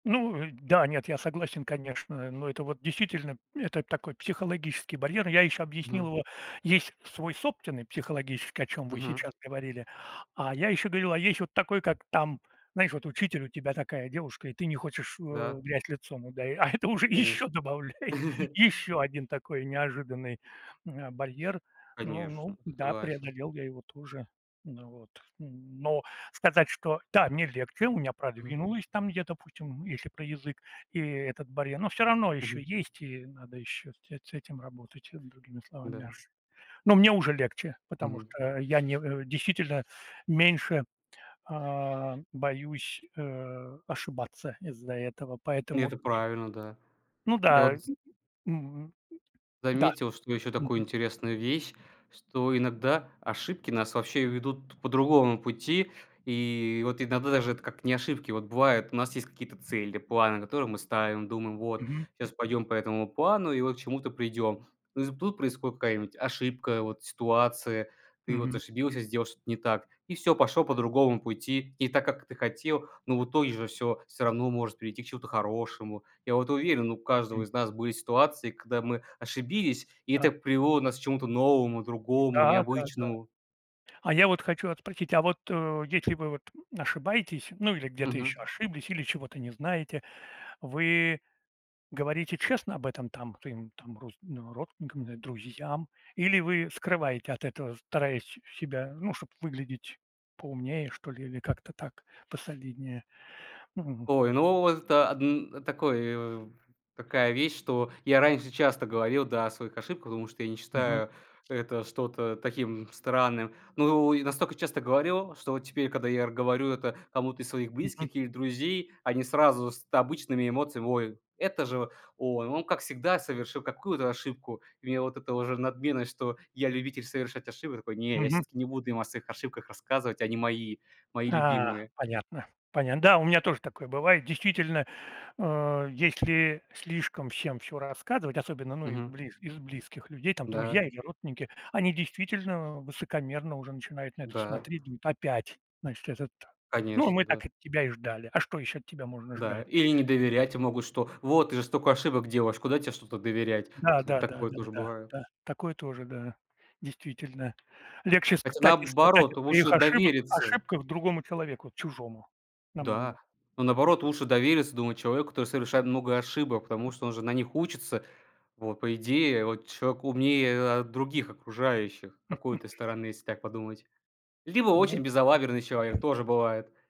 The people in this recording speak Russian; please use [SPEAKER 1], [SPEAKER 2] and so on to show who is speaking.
[SPEAKER 1] Ну и да, нет, я согласен, конечно. Но это вот действительно, это такой психологический барьер. Я ещё объяснил
[SPEAKER 2] Мгм.
[SPEAKER 1] его: есть свой собственный психологический, о чём вы сейчас
[SPEAKER 2] Мгм.
[SPEAKER 1] говорили, а я ещё говорил, а есть вот такой, как там, знаешь, вот учитель у тебя такая девушка, и ты не хочешь, э, в
[SPEAKER 2] Да.
[SPEAKER 1] грязь лицом, удаи А это уже ещё
[SPEAKER 2] Конечно.
[SPEAKER 1] добавляет ещё один такой неожиданный, м, а, барьер. Ну,
[SPEAKER 2] Конечно,
[SPEAKER 1] ну да,
[SPEAKER 2] согласен.
[SPEAKER 1] преодолел я его тоже. Ну вот. Н но сказать, что та, мне легче. У меня
[SPEAKER 2] Мгм.
[SPEAKER 1] продвинулось там где-то, допустим, если про язык и этот барьер, но всё равно ещё
[SPEAKER 2] Мгм.
[SPEAKER 1] есть, и надо ещё с эт с этим работать, э, другими словами
[SPEAKER 2] Да.
[SPEAKER 1] мяс Но мне уже легче, потому
[SPEAKER 2] Мгм.
[SPEAKER 1] что я не э, действительно меньше, а, боюсь, э, ошибаться из-за этого,
[SPEAKER 2] И
[SPEAKER 1] поэтому
[SPEAKER 2] это
[SPEAKER 1] и
[SPEAKER 2] правильно, да.
[SPEAKER 1] Ну
[SPEAKER 2] Я
[SPEAKER 1] да.
[SPEAKER 2] вот з
[SPEAKER 1] Мгм, да,
[SPEAKER 2] заметил, что еще такую
[SPEAKER 1] мгм.
[SPEAKER 2] интересную вещь, что иногда ошибки нас вообще ведут по другому пути. И вот иногда даже эт как не ошибки, вот бывает, у нас есть какие-то цели, планы, которые мы ставим, думаем: "Вот
[SPEAKER 1] Мгм.
[SPEAKER 2] щас пойдем по этому плану и вот к чему-то придем". Но из м, тут происходит какая-нибудь ошибка, вот ситуация. Ты вот
[SPEAKER 1] Мгм.
[SPEAKER 2] ошибился, сделал что-то не так, и всё, пошел по другому пути. Не так, как ты хотел, но в итоге же всё всё равно может прийти к чему-то хорошему. Я вот уверен, у каждого
[SPEAKER 1] М.
[SPEAKER 2] из нас были ситуации, когда мы ошибились, и это
[SPEAKER 1] Да.
[SPEAKER 2] привело нас к чему-то новому, другому,
[SPEAKER 1] М-да, да, да.
[SPEAKER 2] необычному.
[SPEAKER 1] А я вот хочу ат спросить: а вот, э, если вы вот ошибаетесь, ну, или где-то
[SPEAKER 2] Мгм.
[SPEAKER 1] ещё ошиблись, или чего-то не знаете, вы говорите честно об этом, там, своим, там, рус ну, родственникам н э, друзьям? Или вы скрываете от этого, стараясь с себя, ну, чтоб выглядеть поумнее, что ли, или как-то так, посолиднее?
[SPEAKER 2] Ой, ну, вот, это одн э, такой, э, эм, такая вещь, что я раньше часто говорил, да, о своих ошибках, потому что я не
[SPEAKER 1] Мгм.
[SPEAKER 2] считаю это что-то таким странным. Ну, и настолько часто говорил, что вот теперь, когда я р говорю это кому-то из своих
[SPEAKER 1] Мгм.
[SPEAKER 2] близких или друзей, они сразу с т обычными эмоциями: "Ой, это же он, он как всегда совершил какую-то ошибку". И меня вот эта уже надменность, что я любитель совершать ошибки Такой: "Не, я
[SPEAKER 1] Мгм.
[SPEAKER 2] всё-таки не буду им о своих ошибках рассказывать. Они мои, мои
[SPEAKER 1] А,
[SPEAKER 2] любимые".
[SPEAKER 1] понятно, понятно. Да, у меня тоже такое бывает. Действительно, э, если слишком всем всё рассказывать, особенно, ну, из
[SPEAKER 2] Мгм.
[SPEAKER 1] близ из близких людей, там,
[SPEAKER 2] Да.
[SPEAKER 1] друзья или родственники, они действительно высокомерно уже начинают на это
[SPEAKER 2] Да.
[SPEAKER 1] смотреть. Думают: "Опять, значит, этот. Ну,
[SPEAKER 2] Конечно,
[SPEAKER 1] мы
[SPEAKER 2] да.
[SPEAKER 1] так от тебя и ждали. А что ещё от тебя можно
[SPEAKER 2] Да.
[SPEAKER 1] ждать?"
[SPEAKER 2] Или не доверять, и могут что: "Вот ты же столько ошибок делаешь, куда тебе что-то доверять?"
[SPEAKER 1] Да
[SPEAKER 2] Т вот
[SPEAKER 1] да да
[SPEAKER 2] такое
[SPEAKER 1] да
[SPEAKER 2] тоже
[SPEAKER 1] да
[SPEAKER 2] бывает.
[SPEAKER 1] да. Такое тоже да, действительно. Легче,
[SPEAKER 2] Хотя,
[SPEAKER 1] кстати сказать, о
[SPEAKER 2] наоборот,
[SPEAKER 1] своих
[SPEAKER 2] лучше
[SPEAKER 1] ошибок
[SPEAKER 2] довериться
[SPEAKER 1] ошибках другому человеку, чужому намного.
[SPEAKER 2] Да. Ну, наоборот, лучше довериться, думаю, человеку, который совершает много ошибок, потому что он же на них учится. Вот, по идее, вот человек умнее, а, других окружающих с какой-то стороны, если так подумать. Либо очень
[SPEAKER 1] Ну
[SPEAKER 2] безалаберный человек тоже бывает.